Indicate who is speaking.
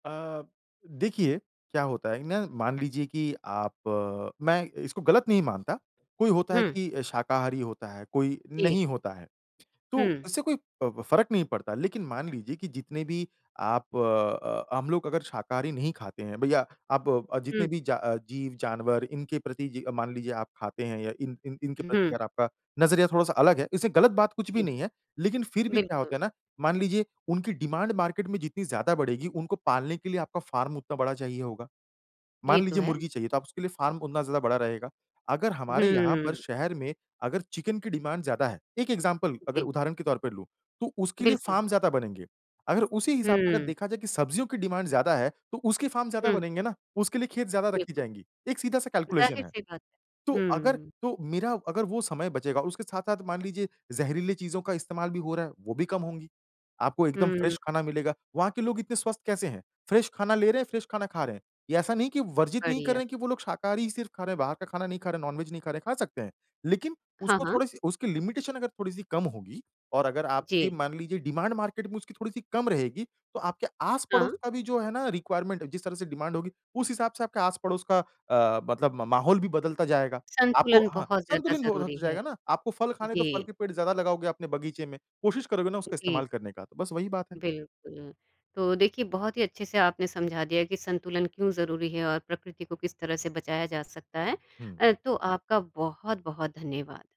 Speaker 1: अ, देखिए, क्या होता है ना मान लीजिए कि आप मैं इसको गलत नहीं मानता कोई होता है
Speaker 2: हुँ।
Speaker 1: कि शाकाहारी होता है, कोई
Speaker 2: जी।
Speaker 1: नहीं होता है। तो
Speaker 2: हुँ।
Speaker 1: इससे कोई अ, ब फ़र्क नहीं पड़ता, लेकिन मान लीजिए कि जितने भी आप अ, हम लोग अगर शाकाहारी नहीं खाते हैं, भईया आप अ, जितने
Speaker 2: हुँ।
Speaker 1: भी जा अ, जीव-जानवर इनके प्रति जी अ, मान लीजिए आप खाते हैं या इन इन इनके प्रति
Speaker 2: हुँ।
Speaker 1: अगर आपका नज़रिया थोड़ा-सा अलग है इससे गलत बात कुछ भी
Speaker 2: जी।
Speaker 1: नहीं है, लेकिन फिर भी क्या
Speaker 2: बिल्कुल।
Speaker 1: होता है ना मान लीजिए उनकी डिमांड मार्केट में जितनी ज़्यादा बढ़ेगी उनको पालने के लिए आपका फ़ार्म उतना बड़ा चाहिए होगा, मान
Speaker 2: ये तो
Speaker 1: लीजिए
Speaker 2: है।
Speaker 1: मुर्गी चाहिए तो उसके लिए फ़ार्म उतना ज़्यादा बड़ा रहेगा। अगर हमारे यहाँ पर
Speaker 2: हुँ।
Speaker 1: शहर में अगर चिकन की डिमांड ज़्यादा है, 1 एग्ज़ाम्पल अगर
Speaker 2: जी।
Speaker 1: उदाहरण के तौर पर लूँ तो उसके लिए
Speaker 2: बिल्कुल,
Speaker 1: फ़ार्म
Speaker 2: बिल
Speaker 1: ज़्यादा बनेंगे। अगर उसी हिसाब से अगर
Speaker 2: हुँ।
Speaker 1: देखा जाए कि सब्ज़ियों की डिमांड ज़्यादा है तो उसके फ़ार्म ज़्यादा
Speaker 2: हुँ।
Speaker 1: बनेंगे ना, उसके लिए खेत ज़्यादा रखी
Speaker 2: बिल्कुल।
Speaker 1: जाएँगी, एक सीधा-सा कैलकुलेशन है।
Speaker 2: ज़ाहिर-सी बात,
Speaker 1: तो अगर
Speaker 2: हम्म।
Speaker 1: तो मेरा अगर वो समय बचेगा और उसके साथ-साथ मान लीजिए ज़हरीली चीज़ों का इस्तेमाल भी हो रहा है, वो भी कम होंगीं, आपको एकदम
Speaker 2: हुँ।
Speaker 1: फ़्रेश खाना मिलेगा। वहाँ के लोग इतने स्वस्थ कैसे हैं? फ़्रेश खाना ले रहे हैं, फ़्रेश खाना खा रहे हैं। ये ऐसा नहीं कि वर्जित नहीं कर
Speaker 2: बढ़िया।
Speaker 1: रहे हैं कि वो लोग शाकाहारी ही सिर्फ़ खा रहे हैं, बाहर का खाना नहीं खा रहे हैं, नॉन-वेज नहीं खा रहे हैं, खा सकते हैं। लेकिन
Speaker 2: हाँ,
Speaker 1: उसको
Speaker 2: हाँ।
Speaker 1: थोड़ी-सी उसकी लिमिटेशन अगर थोड़ी-सी कम होगी और अगर आपकी
Speaker 2: जी।
Speaker 1: मान लीजिए डिमांड मार्केट में उसकी थोड़ी-सी कम रहेगी तो आपके आस-पड़ोस
Speaker 2: हाँ।
Speaker 1: का भी जो है ना रिक्वायरमेंट है जिस तरह से डिमांड होगी, उस हिसाब से आपके आस-पड़ोस का अ, मतलब म माहौल भी बदलता जाएगा। आपको
Speaker 2: संतुलन
Speaker 1: हाँ,
Speaker 2: बहुत ज़्यादा
Speaker 1: संतुलित हो
Speaker 2: ज़रूरी
Speaker 1: होता
Speaker 2: है,
Speaker 1: जाएगा ना? आपको फ़ल खाने हैं तो फल
Speaker 2: जी।
Speaker 1: के पेड़ ज़्यादा लगाओगे अपने बगीचे में, कोशिश करोगे ना उसका
Speaker 2: जी।
Speaker 1: इस्तेमाल करने का तो बस वही बात है।
Speaker 2: बिल्कुल, तो देखिए बहुत ही अच्छे से आपने समझा दिया कि संतुलन क्यों ज़रूरी है और प्रकृति को किस तरह से बचाया जा सकता है।
Speaker 1: हुँ।
Speaker 2: अ, तो आपका बहुत-बहुत धन्यवाद।